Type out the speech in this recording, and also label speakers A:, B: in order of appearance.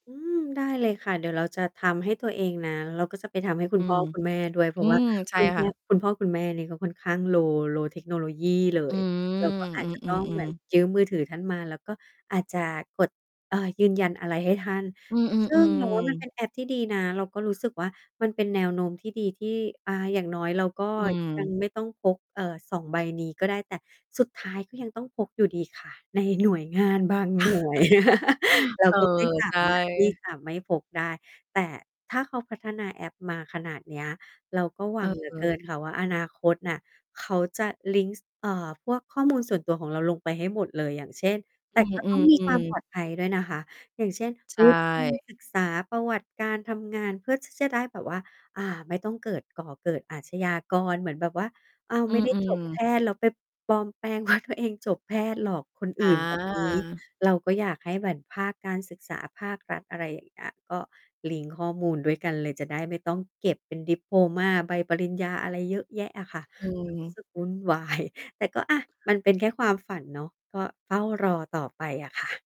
A: อืม ได้เลยค่ะ เดี๋ยวเราจะทำให้ตัวเองนะ แล้วก็จะไปทำให้คุ
B: อื
A: ณพ่อ
B: ม
A: คุณแม่ด้วย เพร
B: อ
A: า
B: ื
A: ะ ว่า
B: ม ใช
A: ค
B: ่
A: ุณแม
B: ค่
A: ่
B: ะ
A: คุณพ่อคุณแม่นี่ก็ค่อนข้าง low low technology เล
B: อื
A: ย เรา
B: ม
A: ก็อา
B: อ
A: จจะ
B: ื
A: ต้องเหม
B: ม
A: ือน
B: ๆ ๆ
A: ยืมมือถือท่านมา แล้วก็อาจจะกด เอ่อ ยืนยันอะไรให้ท่าน
B: อื
A: ซึ่ง เราว่
B: อ
A: ามัน
B: ๆ
A: เ
B: ๆ
A: ป็นแอปที่ดีนะ เราก็รู้สึกว่า มันเป็นแนวโน้มที่ดี ที่ อา อย่างน้อยเราก็
B: อื
A: ยัง
B: ม
A: ไม่ต้องพก เอ่อ 2 ใบนี้ก็ได้ แต่สุดท้ายก็ยังต้องพกอยู่ดีค่ะ ในหน่วยงานบางหน่วย เรา
B: เออ
A: ก็ไม่สา
B: ใช
A: มารถที่
B: ่
A: จะไม่พกได้ แต่ถ้าเขาพัฒนาแอปมาขนาดเนี้ย เราก็หวั
B: เ
A: ง เหลือเก
B: ออ
A: ิน ค่ะว่า อนาคตน่ะเขาจะลิงก์ ส เอ่อ พวก ข้อมูล ส่วนตัวของเราลงไปให้หมดเลย อย่างเช่น แ
B: อ
A: ต
B: ื
A: ่ ก็ต้องมีควา
B: อ
A: มป
B: ๆ ๆ
A: ลอด ภัยด้วยนะคะ อย่างเช่น
B: ใช
A: วุฒิ การ
B: ่
A: ศึกษาประวัติการทำงาน เพื่อ ที่ จะได้แบบว่า อ่า ไม่ต้องเกิด ก่อเกิดอาชญากร เหมือนแบบว่า อ้าว
B: อ
A: ไ
B: ื
A: ม่ได้จบ
B: อ
A: แพ
B: ๆ
A: ทย์ แล้วไปปลอมแปลง ว่า ตัวเองจบแพทย์ หลอกคน
B: อ
A: อื่น แบบนี้
B: า
A: เราก็อยากให้เหมือนภาคการศึกษา ภาครัฐ อะไรอย่างเงี้ย ก็ลิงก์ข้อมูลด้วยกันเลย จะได้ไม่ต้องเก็บเป็น ดิโพลมา ใบปริญญาอะไรเยอะแยะอะค่ะ
B: อื
A: รู้
B: ม
A: สึกวุ่น วาย แต่ก็ อะ มันเป็นแค่ความฝันเนาะ ก็เฝ้ารอต่อไปอะค่ะ